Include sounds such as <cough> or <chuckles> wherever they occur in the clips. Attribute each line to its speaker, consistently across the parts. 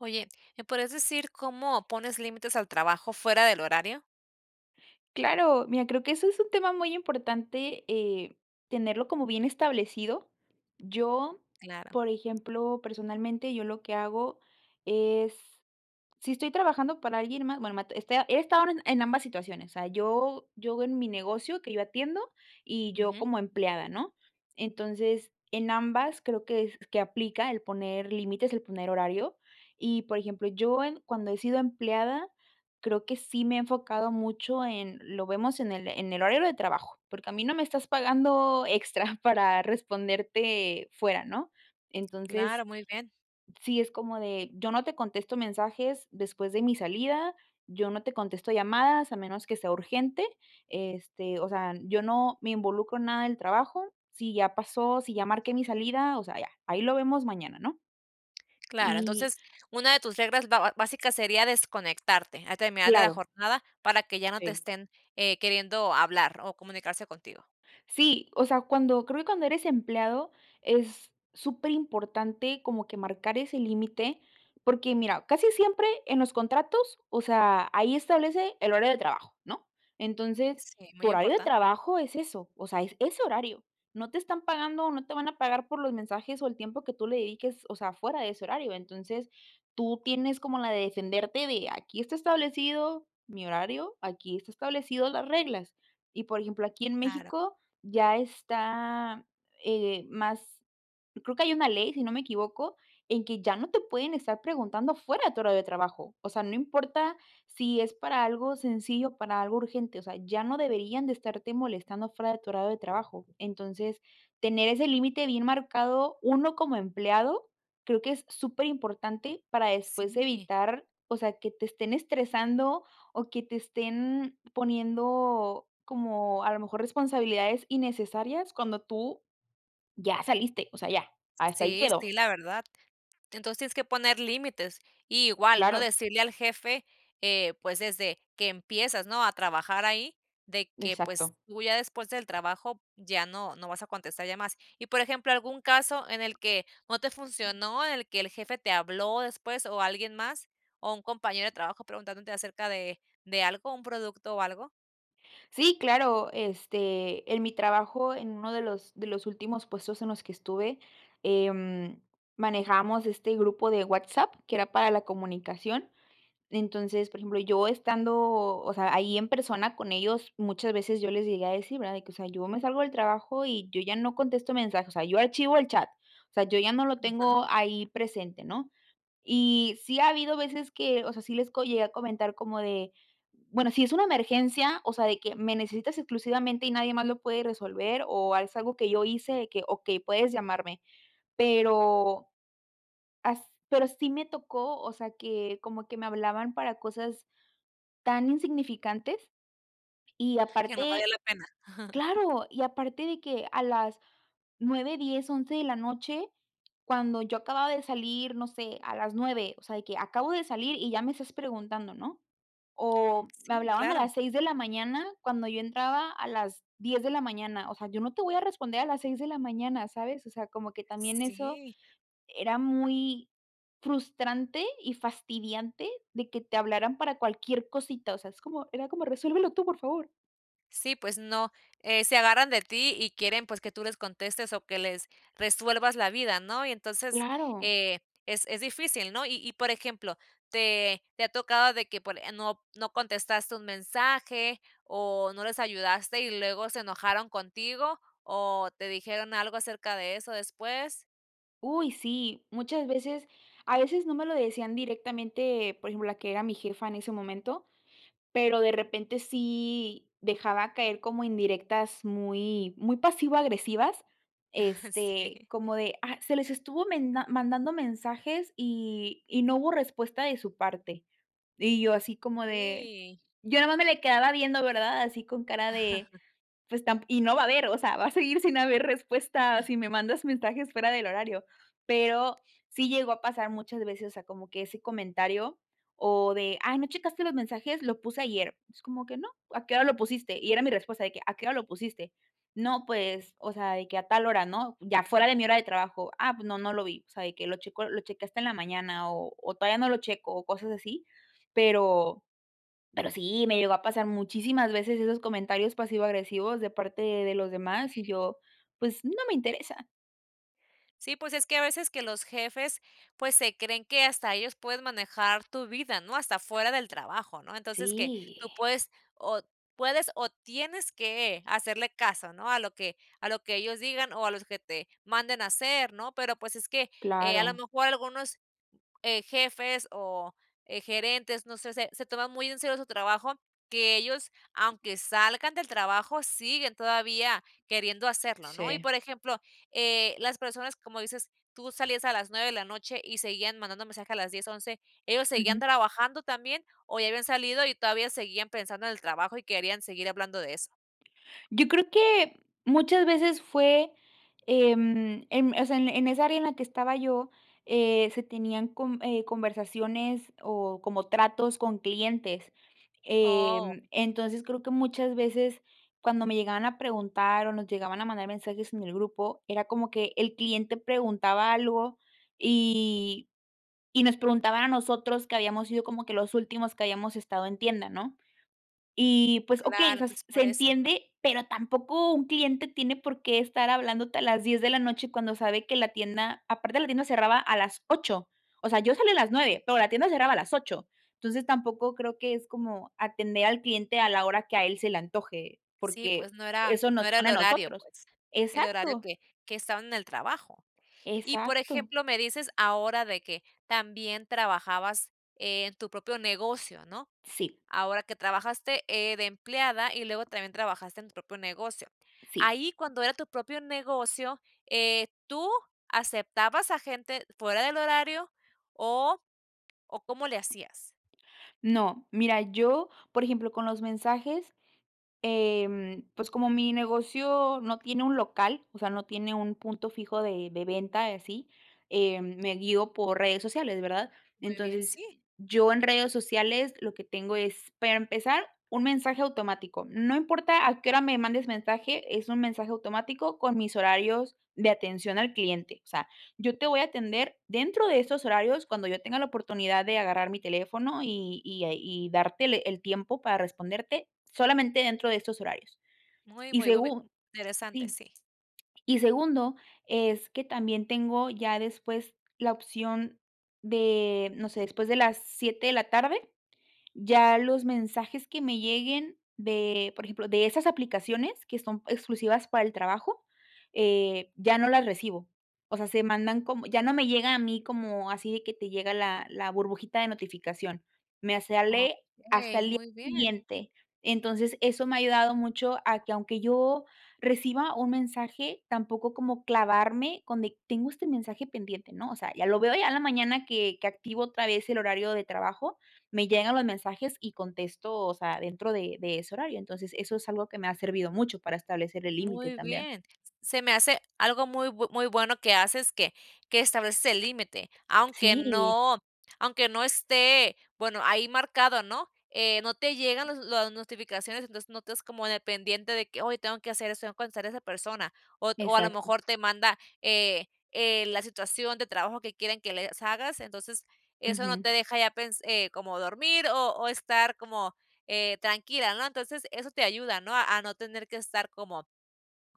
Speaker 1: Oye, ¿me podrías decir cómo pones límites al trabajo fuera del horario?
Speaker 2: Claro, mira, creo que eso es un tema muy importante, eh, tenerlo como bien establecido. Yo,
Speaker 1: Claro.
Speaker 2: por ejemplo, personalmente, yo lo que hago es, si estoy trabajando para alguien más, bueno, ma este, a he estado en en ambas situaciones, o sea, yo yo en mi negocio que yo atiendo y yo
Speaker 1: Ujú.
Speaker 2: como empleada, ¿no? Entonces, en ambas creo que es que aplica el poner límites, el poner horario. Y, por ejemplo, yo en cuando he sido empleada, creo que sí me he enfocado mucho en: "Lo vemos en el en el horario de trabajo", porque a mí no me estás pagando extra para responderte fuera, ¿no?
Speaker 1: Claro,
Speaker 2: Entonces,
Speaker 1: muy bien.
Speaker 2: sí es como de: "Yo no te contesto mensajes después de mi salida, yo no te contesto llamadas a menos que sea urgente", este, o sea, yo no me involucro en nada del trabajo, sí ya pasó, sí ya marqué mi salida, o sea, ya, "Ahí lo vemos mañana", ¿no?
Speaker 1: Claro,
Speaker 2: Y
Speaker 1: entonces, una de tus reglas ba ba básicas sería desconectarte al terminar de la
Speaker 2: Claro.
Speaker 1: jornada para que ya no te
Speaker 2: Sí.
Speaker 1: estén, eh, queriendo hablar o comunicarse contigo.
Speaker 2: Sí, o sea, cuando creo que cuando eres empleado es superimportante como que marcar ese límite, porque mira, casi siempre en los contratos, o sea, ahí establece el horario de trabajo, ¿no? Entonces
Speaker 1: Sí,
Speaker 2: tu
Speaker 1: muy
Speaker 2: horario de
Speaker 1: importan
Speaker 2: trabajo es eso, o sea, es ese horario, no te están pagando o no te van a pagar por los mensajes o el tiempo que tú le dediques, o sea, fuera de ese horario. Entonces, tú tienes como la de defenderte de: "Aquí está establecido mi horario, aquí está establecido las reglas", y por ejemplo, aquí en
Speaker 1: Claro.
Speaker 2: México ya está, eh, más creo que hay una ley, si no me equivoco, en que ya no te pueden estar preguntando fuera de tu horario de trabajo, o sea, no importa si es para algo sencillo o para algo urgente, o sea, ya no deberían de estarte molestando fuera de tu horario de trabajo. Entonces, tener ese límite bien marcado uno como empleado, creo que es superimportante para después
Speaker 1: Sí.
Speaker 2: evitar, o sea, que te estén estresando o que te estén poniendo, como a lo mejor, responsabilidades innecesarias cuando tú ya saliste, o sea, ya hasta ahí
Speaker 1: Sí,
Speaker 2: quedó.
Speaker 1: sí, la verdad. Entonces tienes que poner límites y igual, ¿no?,
Speaker 2: Claro.
Speaker 1: decirle al jefe, eh, pues desde que empiezas, ¿no?, a trabajar ahí, de que, pues,
Speaker 2: Exacto.
Speaker 1: tú ya después del trabajo ya no, no vas a contestar llamadas. Y, por ejemplo, ¿algún caso en el que no te funcionó?, ¿en el que el jefe te habló después o alguien más o un compañero de trabajo preguntándote acerca de de algo, un producto o algo?
Speaker 2: Sí, claro, este, en mi trabajo, en uno de los de los últimos puestos en los que estuve, em, manejábamos este grupo de WhatsApp que era para la comunicación. Entonces, por ejemplo, yo estando, o sea, ahí en persona con ellos, muchas veces yo les llegué a decir, ¿verdad?, de que, o sea, yo me salgo del trabajo y yo ya no contesto mensajes, o sea, yo archivo el chat, o sea, yo ya no lo
Speaker 1: Ajá.
Speaker 2: tengo ahí presente, ¿no? Y sí ha habido veces que, o sea, sí les co llegué a comentar como de, bueno, si es una emergencia, o sea, de que me necesitas exclusivamente y nadie más lo puede resolver, o es algo que yo hice, de que: "Okey, puedes llamarme". Pero, as pero sí me tocó, o sea, que como que me hablaban para cosas tan insignificantes y
Speaker 1: Que no valía
Speaker 2: aparte
Speaker 1: la pena. <chuckles>
Speaker 2: claro, y aparte de que a las 9, 10, 11, de la noche, cuando yo acababa de salir, no sé, a las 9 o sea de que acabo de salir y ya me estás preguntando, ¿no? O me
Speaker 1: Sí,
Speaker 2: hablaban a
Speaker 1: claro.
Speaker 2: las 6 de la mañana, cuando yo entraba a las 10 de la mañana. O sea, yo no te voy a responder a las 6 de la mañana, ¿sabes? O sea, como que también eso
Speaker 1: Sí.
Speaker 2: era muy frustrante y fastidiante, de que te hablaran para cualquier cosita. O sea, es como era como, resuélvelo tú, por favor.
Speaker 1: Sí, pues no. Eh, se agarran de ti y quieren, pues, que tú les contestes o que les resuelvas la vida, ¿no?, y entonces,
Speaker 2: Claro.
Speaker 1: eh, es es difícil, ¿no? Y y por ejemplo, ¿te te ha tocado de por eh, no no contestaste un mensaje o no les ayudaste y luego se enojaron contigo, o te dijeron algo acerca de eso después?
Speaker 2: Uy, sí, muchas veces. A veces no me lo decían directamente, por ejemplo, la que era mi jefa en ese momento, pero, de repente, sí dejaba caer como indirectas, muy muy pasivo-agresivas, este
Speaker 1: Sí.
Speaker 2: como de: "Ah, se les estuvo menda mandando mensajes y y no hubo respuesta de su parte". Y yo así, como de
Speaker 1: Sí.
Speaker 2: yo nada más me le quedaba viendo, ¿verdad? Así con cara de:
Speaker 1: <chuckles>
Speaker 2: "Pues, tam y no va a haber", o sea, va a seguir sin haber respuesta si
Speaker 1: <chuckles>
Speaker 2: me mandas mensajes fuera del horario, pero sí llegó a pasar muchas veces. O sea, como que ese comentario o de: "Ay, no checaste los mensajes, lo puse ayer". "Pues, como que no, ¿a qué hora lo pusiste?", y era mi respuesta de que, "¿A qué hora lo pusiste?". "No, pues, o sea, de que a tal hora", ¿no?, ya fuera de mi hora de trabajo. "Ah, pues no, no lo vi". O sea, de que lo checo lo chequé hasta en la mañana, o o todavía no lo checo, o cosas así, pero pero sí me llegó a pasar muchísimas veces esos comentarios pasivo-agresivos de parte de los demás, y
Speaker 1: Sí.
Speaker 2: yo, pues, no me interesa.
Speaker 1: Sí, pues es que a veces que los jefes, pues, se creen que hasta ellos pueden manejar tu vida, ¿no?, hasta fuera del trabajo, ¿no? Entonces que tú
Speaker 2: Sí.
Speaker 1: puedes o puedes o tienes que hacerle caso, ¿no?, a lo que a lo que ellos digan o a los que te manden a hacer, ¿no? Pero, pues, es que, eh, a lo
Speaker 2: Claro.
Speaker 1: mejor algunos, eh, jefes o, eh, gerentes, no sé, se se toman muy en serio su trabajo, que ellos, aunque salgan del trabajo, siguen todavía queriendo hacerlo, ¿no? Y,
Speaker 2: Sí.
Speaker 1: por ejemplo, eh, las personas, como dices, tú salías a las 9 de la noche y seguían mandando mensajes a las 10, 11, ¿ellos seguían
Speaker 2: Ujú.
Speaker 1: trabajando también o ya habían salido y todavía seguían pensando en el trabajo y querían seguir hablando de eso?
Speaker 2: Yo creo que muchas veces fue, em em, o sea, en en esa área en la que estaba yo, eh, se tenían con eh, conversaciones o como tratos con clientes,
Speaker 1: Oh.
Speaker 2: em, entonces creo que muchas veces cuando me llegaban a preguntar o nos llegaban a mandar mensajes en el grupo, era como que el cliente preguntaba algo y y nos preguntaba a nosotros, que habíamos sido como que los últimos que habíamos estado en tienda, ¿no? Y, pues, okey, o
Speaker 1: Claro,
Speaker 2: sea, s
Speaker 1: entonces es
Speaker 2: se
Speaker 1: por eso.
Speaker 2: entiende, pero tampoco un cliente tiene por qué estar hablándote a las 10 de la noche cuando sabe que la tienda aparte, la tienda cerraba a las 8, o sea, yo salía a las 9 pero la tienda cerraba a las 8, entonces tampoco creo que es como atender al cliente a la hora que a él se le antoje,
Speaker 1: Sí,
Speaker 2: porque
Speaker 1: pues no era
Speaker 2: eso
Speaker 1: no
Speaker 2: nos
Speaker 1: era el
Speaker 2: expone a
Speaker 1: horario,
Speaker 2: nosotros
Speaker 1: pues, el horario
Speaker 2: exacto.
Speaker 1: que que estaban en el trabajo. Y, por
Speaker 2: Exacto.
Speaker 1: ejemplo, me dices ahora de que también trabajabas en tu propio negocio, ¿no?
Speaker 2: Sí.
Speaker 1: Ahora que trabajaste, eh, de empleada y luego también trabajaste en tu propio negocio,
Speaker 2: Sí.
Speaker 1: ahí cuando era tu propio negocio, eh, ¿tú aceptabas a gente fuera del horario o o cómo le hacías?
Speaker 2: No, mira, yo, por ejemplo, con los mensajes, em, pues, como mi negocio no tiene un local, o sea, no tiene un punto fijo de de venta y así, em, me guío por redes sociales, ¿verdad?
Speaker 1: Muy bien,
Speaker 2: Entonces
Speaker 1: sí.
Speaker 2: yo en redes sociales lo que tengo es, para empezar, un mensaje automático, no importa a qué hora me mandes mensaje, es un mensaje automático con mis horarios de atención al cliente, o sea, yo te voy a atender dentro de estos horarios cuando yo tenga la oportunidad de agarrar mi teléfono y y a y darte le el tiempo para responderte solamente dentro de estos horarios.
Speaker 1: Muy,
Speaker 2: Y
Speaker 1: muy, muy bie
Speaker 2: segu
Speaker 1: interesante,
Speaker 2: sí,
Speaker 1: sí.
Speaker 2: y segundo, es que también tengo ya después la opción de, no sé, después de las 7 de la tarde ya los mensajes que me lleguen de por ejemplo, de esas aplicaciones que son exclusivas para el trabajo, eh, ya no las recibo, o sea, se mandan como ya no me llega a mí como, así de que te llega la la burbujita de notificación, me sale hasta
Speaker 1: Okey,
Speaker 2: el día
Speaker 1: muy bien.
Speaker 2: siguiente. Entonces eso me ha ayudado mucho a que aunque yo reciba un mensaje tampoco como clavarme con de: "Tengo este mensaje pendiente", ¿no?, o sea, ya lo veo a la mañana que que activo otra vez, el horario de trabajo, me llegan los mensajes y contesto, o sea, dentro de de ese horario, entonces eso es algo que me ha servido mucho para establecer el límite
Speaker 1: Muy
Speaker 2: también.
Speaker 1: bien, s se me hace algo muy muy bu muy bueno que haces, que que estableces el límite, aunque
Speaker 2: Sí.
Speaker 1: no aunque no esté, bueno, ahí marcado, ¿no?, eh, no te llegan las las notificaciones, entonces no estás como dependiente de que: "Ay, tengo que hacer eso, tengo que contestar a esa persona", o o a lo
Speaker 2: Exacto.
Speaker 1: mejor te manda, eh, eh, la situación de trabajo que quieren que les hagas, entonces eso no
Speaker 2: Ujú.
Speaker 1: te deja ya pens eh, como dormir o o estar como, eh, tranquila, ¿no? Entonces eso te ayuda, ¿no?, a no tener que estar como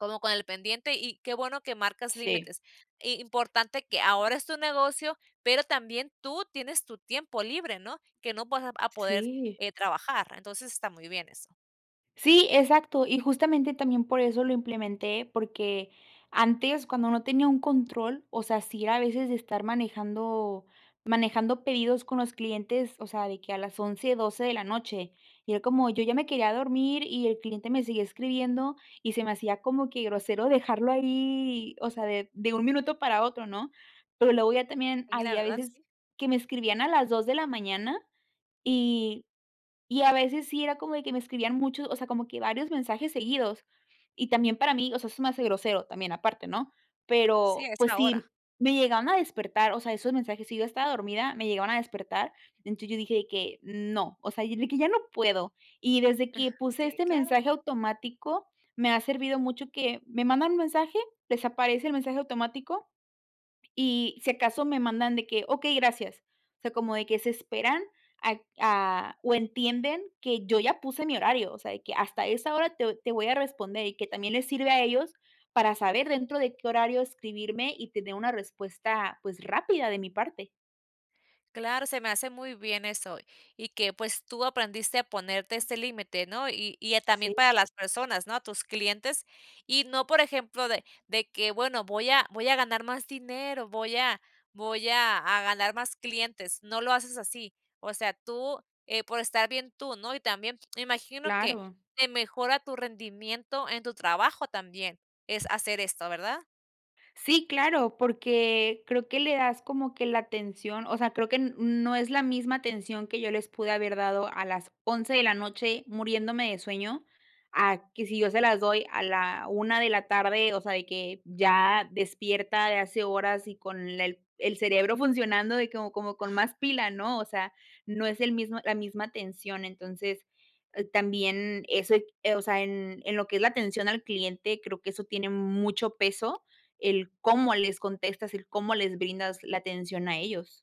Speaker 1: como con el pendiente, y qué bueno que marcas
Speaker 2: Sí.
Speaker 1: límites y, importante que ahora es tu negocio, pero también tú tienes tu tiempo libre, ¿no? Que no vas a vas a poder,
Speaker 2: Sí.
Speaker 1: eh, trabajar, entonces está muy bien eso.
Speaker 2: Sí, exacto. Y justamente también por eso lo implementé, porque antes, cuando no tenía un control, o sea, sí era a veces estar manejando manejando pedidos con los clientes. O sea, de que a las 11, 12 de la noche y era como, yo ya me quería dormir y el cliente me seguía escribiendo y se me hacía como que grosero dejarlo ahí, o sea, de de un minuto para otro, ¿no? Pero luego ya también
Speaker 1: A mí la
Speaker 2: había
Speaker 1: verdad
Speaker 2: veces
Speaker 1: sí.
Speaker 2: que me escribían a las 2 de la mañana y y, a veces sí era como de que me escribían muchos, o sea, como que varios mensajes seguidos y también para mí, o sea, eso se me hace grosero también aparte, ¿no?
Speaker 1: Sí,
Speaker 2: Pero
Speaker 1: a
Speaker 2: pues
Speaker 1: esa hora.
Speaker 2: sí me llegaban a despertar, o sea, esos mensajes, si yo ya estaba dormida, me llegaban a despertar, entonces yo dije de que: "No", o sea, y de que: "Ya no puedo". Y desde que
Speaker 1: <chuckles>
Speaker 2: puse
Speaker 1: Sí,
Speaker 2: este
Speaker 1: claro.
Speaker 2: mensaje automático, me ha servido mucho que me mandan un mensaje, desaparece el mensaje automático y, si acaso, me mandan de que: "Okey, gracias". O sea, como de que se esperan a a o entienden que yo ya puse mi horario. O sea, de que: "Hasta esa hora te voy te voy a responder", y que también le sirve a ellos para saber dentro de qué horario escribirme y tener una respuesta, pues, rápida de mi parte.
Speaker 1: Claro, se me hace muy bien eso, y que pues tú aprendiste a ponerte este límite, ¿no?, y y, eh, también
Speaker 2: Sí.
Speaker 1: para las personas, ¿no?, a tus clientes. Y no por ejemplo, de de que: "Bueno, voy a voy a ganar más dinero, voy a voy a a ganar más clientes", no lo haces así, o sea, tú, eh, por estar bien tú, ¿no? Y también, imagino que
Speaker 2: Claro.
Speaker 1: te mejora tu rendimiento en tu trabajo también, es hacer esto, ¿verdad?
Speaker 2: Sí, claro, porque creo que le das como que la atención, o sea, creo que n no es la misma atención que yo les pude haber dado a las 11 de la noche, muriéndome de sueño, a que si yo se las doy a la 1 de la tarde, o sea, de que, ya despierta de hace horas y con el el cerebro funcionando de como como, con más pila, ¿no?, o sea, no es el mismo la misma atención, entonces, también eso, eh, o sea, en en lo que es la atención al cliente, creo que eso tiene mucho peso, el cómo les contestas, el cómo les brindas la atención a ellos.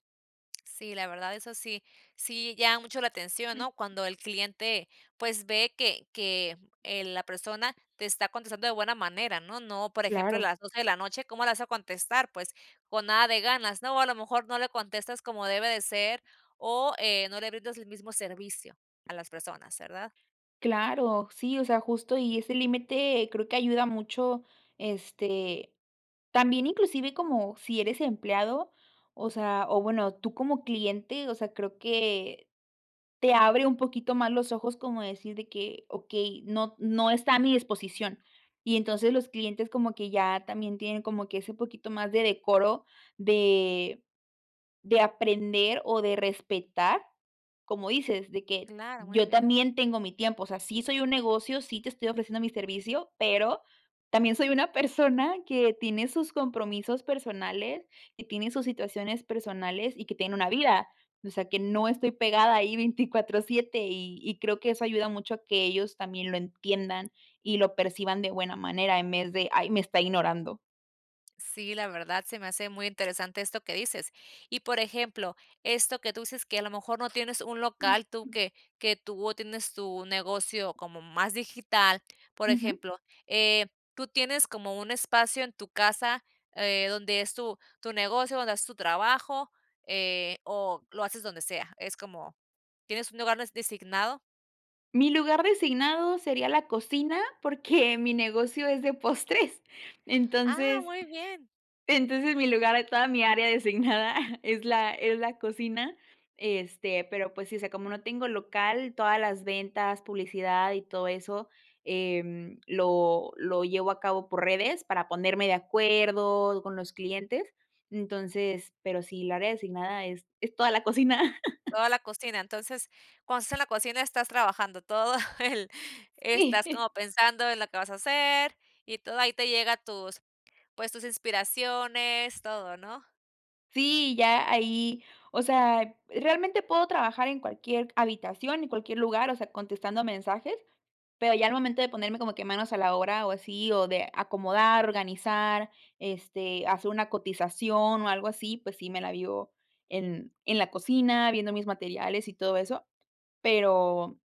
Speaker 1: Sí, la verdad, eso sí sí llama mucho la atención,
Speaker 2: Jum.
Speaker 1: ¿no?, cuando el cliente pues, ve que que, eh, la persona te está contestando de buena manera, ¿no? No, por ejemplo, a
Speaker 2: Claro.
Speaker 1: las 12, de la noche, ¿cómo le vas a contestar?, pues, con nada de ganas, ¿no? O a lo mejor no le contestas como debe de ser o, eh, no le brindas el mismo servicio a las personas, ¿verdad?
Speaker 2: Claro, sí, o sea, justo. Y ese límite creo que ayuda mucho, este, también inclusive como si eres empleado, o sea o bueno, tú como cliente, o sea, creo que te abre un poquito más los ojos como decir de que: "Okey, no no está a mi disposición". Y entonces los clientes como que ya también, tienen como que ese poquito más de decoro de de aprender, o de respetar como dices de que:
Speaker 1: Claro. Muy
Speaker 2: "Yo
Speaker 1: bien.
Speaker 2: también tengo mi tiempo". O sea, sí, soy un negocio, sí, te estoy ofreciendo mi servicio, pero también, soy una persona que tiene sus compromisos personales, que tiene sus situaciones personales y que tiene una vida. O sea, que no estoy pegada ahí 24/7 y y creo que eso ayuda mucho a que ellos también lo entiendan y lo perciban de buena manera, en vez de: "Ay, me está ignorando".
Speaker 1: Sí, la verdad se me hace muy interesante esto que dices y, por ejemplo, esto que tú dices, que a lo mejor no tienes un local, tú
Speaker 2: <unintelligible>
Speaker 1: que que tú atiendes tu negocio como más digital, por
Speaker 2: Ujú.
Speaker 1: ejemplo, eh, ¿tú tienes como un espacio en tu casa, eh, donde es tu tu negocio, donde es tu trabajo, eh, o lo haces donde sea? Es como ¿tienes un lugar de designado?
Speaker 2: Mi lugar designado sería la cocina porque mi negocio es de postres,
Speaker 1: Ah,
Speaker 2: entonces
Speaker 1: muy bien.
Speaker 2: entonces, mi lugar de toda mi área designada es la es la cocina, este, pero, pues sí, o sea, como no tengo local, todas las ventas, publicidad y todo eso, em, lo lo llevo a cabo por redes, para ponerme de acuerdo con los clientes, entonces, pero sí, el área designada es es toda la cocina. <chuckles>
Speaker 1: Toda la cocina, entonces, cuando estás en la cocina, estás trabajando todo el estás
Speaker 2: Sí.
Speaker 1: como pensando en lo que vas a hacer y todo, ahí te llega tus pues, tus inspiraciones, todo, ¿no?
Speaker 2: Sí, ya ahí, o sea, realmente puedo trabajar en cualquier habitación, en cualquier lugar, o sea, contestando mensajes, pero, ya al momento de ponerme como que manos a la obra, o así o de acomodar, organizar, este, hacer una cotización o algo así, pues sí, me la vivo en en la cocina viendo mis materiales y todo eso, pero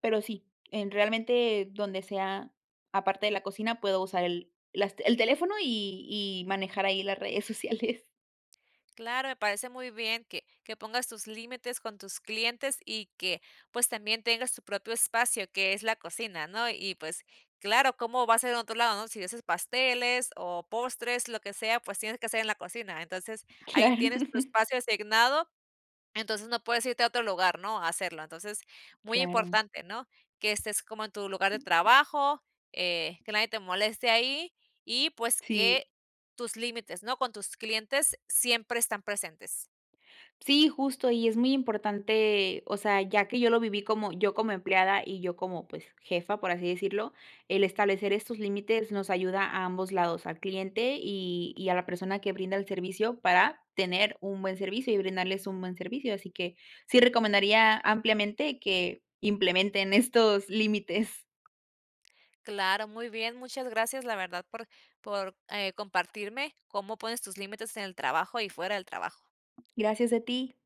Speaker 2: pero sí, en realmente donde sea, aparte de la cocina, puedo usar el las t el teléfono y y manejar ahí las redes sociales.
Speaker 1: Claro, me parece muy bien, que que pongas tus límites con tus clientes y que pues, también tengas tu propio espacio, que es la cocina, ¿no? Y pues, claro, ¿cómo va a ser en otro lado, no? Si haces pasteles o postres, lo que sea, pues, tienes que hacer en la cocina, entonces, ahí
Speaker 2: Claro.
Speaker 1: tienes tu espacio asignado, entonces no puedes irte a otro lugar, ¿no?, a hacerlo. Entonces muy
Speaker 2: Claro.
Speaker 1: importante, ¿no? Que estés como en tu lugar de
Speaker 2: Ujú.
Speaker 1: trabajo, eh, que nadie te moleste ahí y pues,
Speaker 2: Sí.
Speaker 1: que tus límites, ¿no?, con tus clientes siempre están presentes.
Speaker 2: Sí, justo y es muy importante, o sea, ya que yo lo viví como, yo como empleada, y yo como, pues, jefa, por así decirlo, el establecer estos límites, nos ayuda a ambos lados al cliente y y a la persona que brinda el servicio, para tener un buen servicio y brindarles un buen servicio. Así que sí recomendaría ampliamente que implementen estos límites.
Speaker 1: Claro, muy bien. Muchas gracias, la verdad por por, eh, compartirme cómo pones tus límites en el trabajo y fuera del trabajo.
Speaker 2: Gracias a ti.